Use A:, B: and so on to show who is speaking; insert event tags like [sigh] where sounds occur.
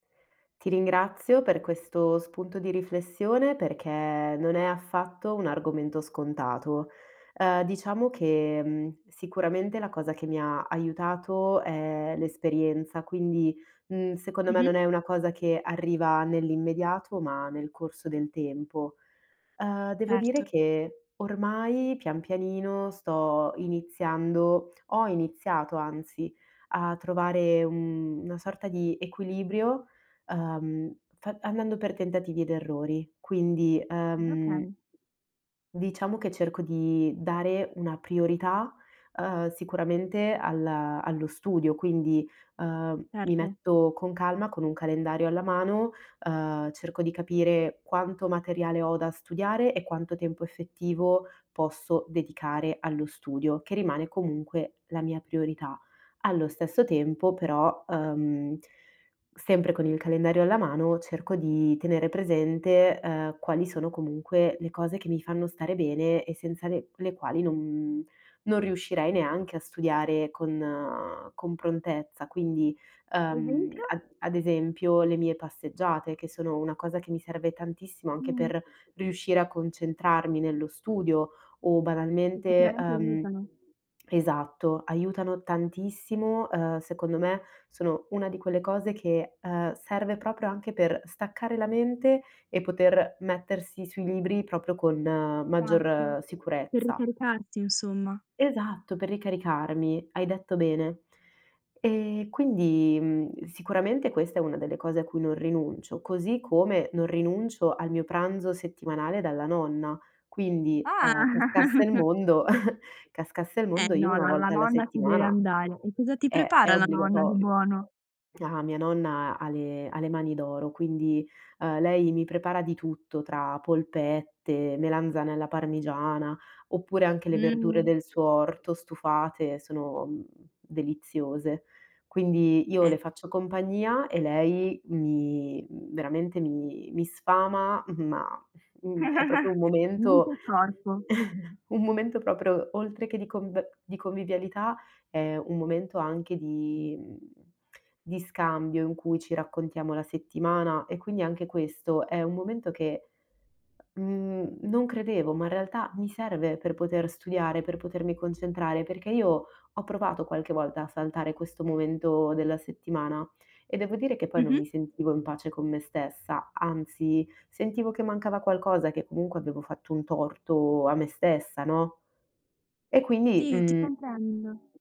A: Ti ringrazio per questo spunto di riflessione perché non è affatto un argomento scontato. Uhm diciamo che mhmm sicuramente la cosa che mi ha aiutato è l'esperienza, quindi, mhmm, secondo me
B: Mh-mh.
A: non è una cosa che arriva nell'immediato, ma nel corso del tempo. Uhm devo dire
B: Certo.
A: che ormai pian pianino sto iniziando, ho iniziato, anzi, a trovare una sorta di equilibrio, uhm, fa andando per tentativi ed errori. Quindi uhm
B: Okay.
A: diciamo che cerco di dare una priorità, uhm, sicuramente alla allo studio, quindi, uhm, mi
B: Certo.
A: metto con calma con un calendario alla mano, uhm, cerco di capire quanto materiale ho da studiare e quanto tempo effettivo posso dedicare allo studio, che rimane comunque la mia priorità. Allo stesso tempo però, uhm, sempre con il calendario alla mano cerco di tenere presente, uhm, quali sono comunque le cose che mi fanno stare bene e senza le le quali non non riuscirei neanche a studiare con con prontezza. Quindi, uhm,
B: Esempio.
A: ad ad esempio le mie passeggiate che sono una cosa che mi serve tantissimo anche
B: Mh.
A: per riuscire a concentrarmi nello studio o
B: Che
A: banalmente,
B: sicuramente
A: uhm
B: aiutano.
A: esatto, aiutano tantissimo, uhm, secondo me sono una di quelle cose che, uhm, serve proprio anche per staccare la mente e poter mettersi sui libri proprio con
B: Esatto,
A: maggior
B: per
A: sicurezza.
B: ricaricarsi insomma.
A: Esatto, per ricaricarmi, hai detto bene. E quindi, mhmm, sicuramente questa è una delle cose a cui non rinuncio, così come non rinuncio al mio pranzo settimanale dalla nonna. Quindi,
B: Ah.
A: uhm, cascasse il
B: [chuckles]
A: mondo [chuckles] cascasse il
B: Eh
A: mondo io
B: no,
A: una
B: la la
A: volta alla
B: nonna si deve
A: settimana
B: andare. E cosa ti
A: è è
B: prepara la nonna di
A: obbligatorio.
B: buono?
A: Ah mia nonna ha le ha le mani d'oro, quindi, uhm, lei mi prepara di tutto, tra polpette, melanzane alla parmigiana oppure anche le verdure
B: Mh.
A: del suo orto stufate sono, mhmm, deliziose. Quindi io
B: Eh.
A: le faccio compagnia e lei mi, mhmm, veramente mi mi sfama, [chuckles] ma, mhmm, è proprio
B: [chuckles]
A: un
B: Mente
A: momento
B: e corpo.
A: [chuckles] un momento proprio oltre che di conb di convivialità, è un momento anche di mhmm, di scambio in cui ci raccontiamo la settimana e quindi anche questo è un momento che mhmm non credevo, ma in realtà mi serve per poter studiare, per potermi concentrare, perché io ho provato qualche volta a saltare questo momento della settimana e devo dire che poi non
B: Mh-mh.
A: mi sentivo in pace con me stessa, anzi sentivo che mancava qualcosa, che comunque avevo fatto un torto a me stessa, no e quindi
B: Sì, ti
A: mhmm
B: comprendo.